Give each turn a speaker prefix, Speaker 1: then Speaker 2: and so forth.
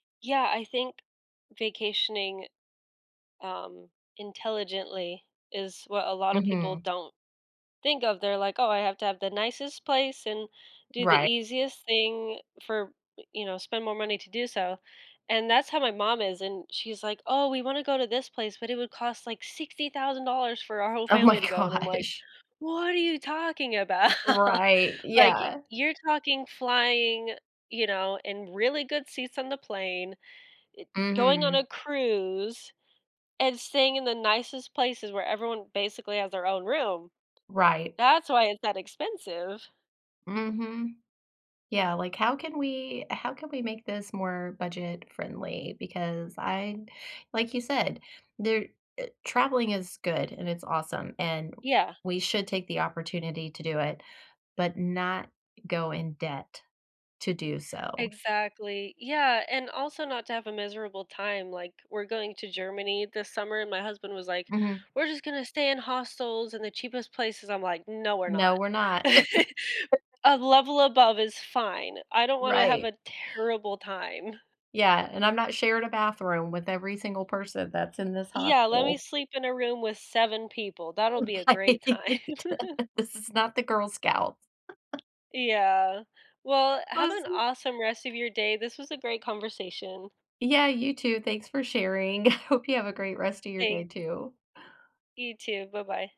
Speaker 1: Yeah, I think vacationing, um, intelligently is what a lotta people
Speaker 2: Mhm.
Speaker 1: don't think of, they're like, "Oh, I have to have the nicest place and do the
Speaker 2: Right.
Speaker 1: easiest thing for you know, spend more money to do so," and that's how my mom is, and she's like, "Oh, we want to go to this place, but it would cost, like, $60,000 for our whole
Speaker 2: Oh my
Speaker 1: family to go," and I'm like,
Speaker 2: gosh.
Speaker 1: "What are you talking about?
Speaker 2: Right,
Speaker 1: Like,
Speaker 2: yeah.
Speaker 1: you're talking flying, you know, in really good seats on the plane, eh, going on
Speaker 2: Mhm.
Speaker 1: a cruise, and staying in the nicest places where everyone basically has their own room,
Speaker 2: Right.
Speaker 1: that's why it's that expensive."
Speaker 2: Mhm. Yeah, like, "How can we how can we make this more budget-friendly, because I like you said, there eh, traveling is good and it's awesome, and
Speaker 1: Yeah.
Speaker 2: we should take the opportunity to do it, but not go in debt to do so."
Speaker 1: Exactly, yeah, and also not to have a miserable time, like, we're going to Germany this summer and my husband was like,
Speaker 2: Mhm.
Speaker 1: "We're just gonna stay in hostels in the cheapest places," I'm like, "No, we're
Speaker 2: "No,
Speaker 1: not.
Speaker 2: we're not."
Speaker 1: A level above is fine, I don't wanna have
Speaker 2: Right.
Speaker 1: a terrible time."
Speaker 2: Yeah, "And I'm not sharing a bathroom with every single person that's in this
Speaker 1: Yeah, let me
Speaker 2: hostel."
Speaker 1: sleep in a room with 7 people, that'll be a
Speaker 2: Right.
Speaker 1: great time.
Speaker 2: This is not the Girl Scouts.
Speaker 1: Yeah, well, have an
Speaker 2: Listen
Speaker 1: awesome rest of your day, this was a great conversation.
Speaker 2: Yeah, you too, thanks for sharing. Hope you have a great rest of your day
Speaker 1: Thanks.
Speaker 2: too.
Speaker 1: You too, bye-bye.